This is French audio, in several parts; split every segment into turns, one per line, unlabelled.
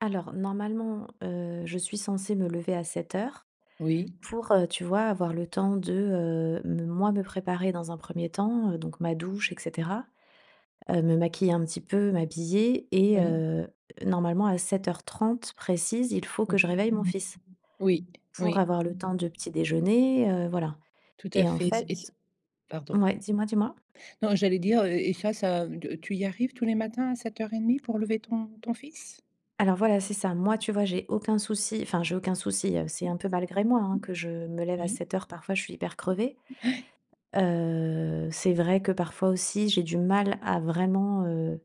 Alors normalement, heu, je suis censée me lever à 7:00
Oui.
pour, heu, tu vois, avoir le temps de, heu, me moi me préparer dans un 1er temps. Heu, donc ma douche et cetera, heu, me maquiller un petit peu, m'habiller et
Oui.
heu, normalement à 7:30 précise, il faut que je réveille mon fils,
Oui,
pour
oui.
avoir le temps de petit déjeuner, heu, voilà
Tout à
et en
fait et c'est et c'est
fait
pardon.
mouais, dis-moi, dis-moi?
Non, j'allais dire et face à de tu y arrives tous les matins à 7:30 pour lever ton ton fils?
Alors voilà, c'est ça. Moi, tu vois, j'ai aucun souci enfin, j'ai aucun souci, heu, c'est un peu malgré moi, hein, que je me lève à
Oui.
7:00. Parfois, je suis hyper crevée,
Ouais.
heu, c'est vrai que parfois aussi, j'ai du mal à vraiment, heu,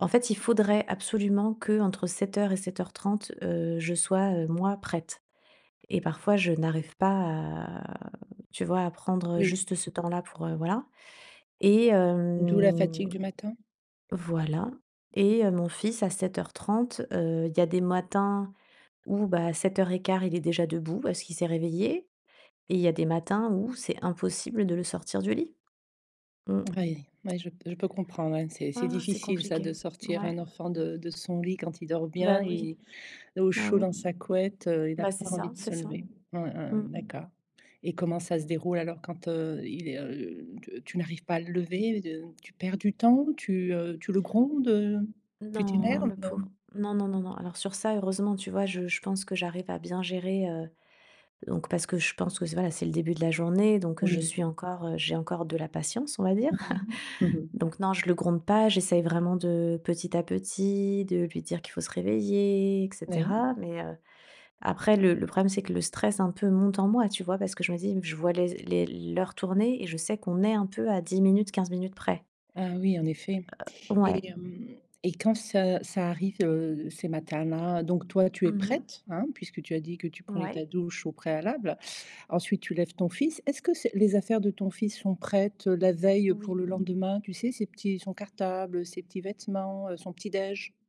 en fait, il faudrait absolument qu'entre 7:00 et 7:30, heu, je sois, heu, moi, prête et parfois, je n'arrive pas à, tu vois, à prendre
Oui.
juste ce temps-là pour, heu, voilà. E,
D'où la
hem,
fatigue du matin?
voilà et heu, mon fils à 7:30, heu, il y a des matins où, bah, à 7:15, il est déjà debout parce qu'il s'est réveillé et il y a des matins où c'est impossible de le sortir du lit. Mmh.
Oui, ouais, je p je peux comprendre, ouais. C'est c'est
Ah, c'est
difficile, ça
compliqué.
de sortir un
Mouais.
enfant de de son lit, quand il dort bien,
Bah oui.
il est au
Bah
chaud
oui.
dans sa couette, heu, il a
Bah, c'est
pas envie
ça,
de
c'est
se
ça.
lever. Ouais, ouais,
Mmh.
d'accord et comment ça se déroule alors quand, heu, il est, heu, t tu n'arrives pas à le lever? De tu perds du temps, tu, heu, tu le grondes, heu, tu
Non,
t'énerves?
le pauvre, non, non, non, non. Alors sur ça, heureusement, tu vois, je je pense que j'arrive à bien gérer, heu donc parce que je pense que c voilà, c'est le début de la journée, donc je
Oui.
suis encore j'ai encore de la patience, on va dire.
Oui.
Donc non, je le gronde pas. J'essaye vraiment de petit à petit, de lui dire qu'il faut se réveiller et
Oui.
cetera mais, heu, après, le le problème, c'est que le stress, un peu, monte en moi, tu vois? Parce que je me dis je vois les les l'heure tourner et je sais qu'on est un peu à 10 minutes, 15 minutes près.
Ah oui, en effet
Heu, ouais.
et hem et quand ça ça arrive, heu, ces matins-là, donc toi tu
Mmh
es
mh.
prête, hein, puisque tu as dit que tu prenais ta
Mouais.
douche au préalable. Ensuite tu lèves ton fils. Est-ce que ses les affaires de ton fils sont prêtes, heu, la veille pour le
Oui.
lendemain, tu sais? Ces petits son cartable, heu, ses petits vêtements, heu, son petit déj?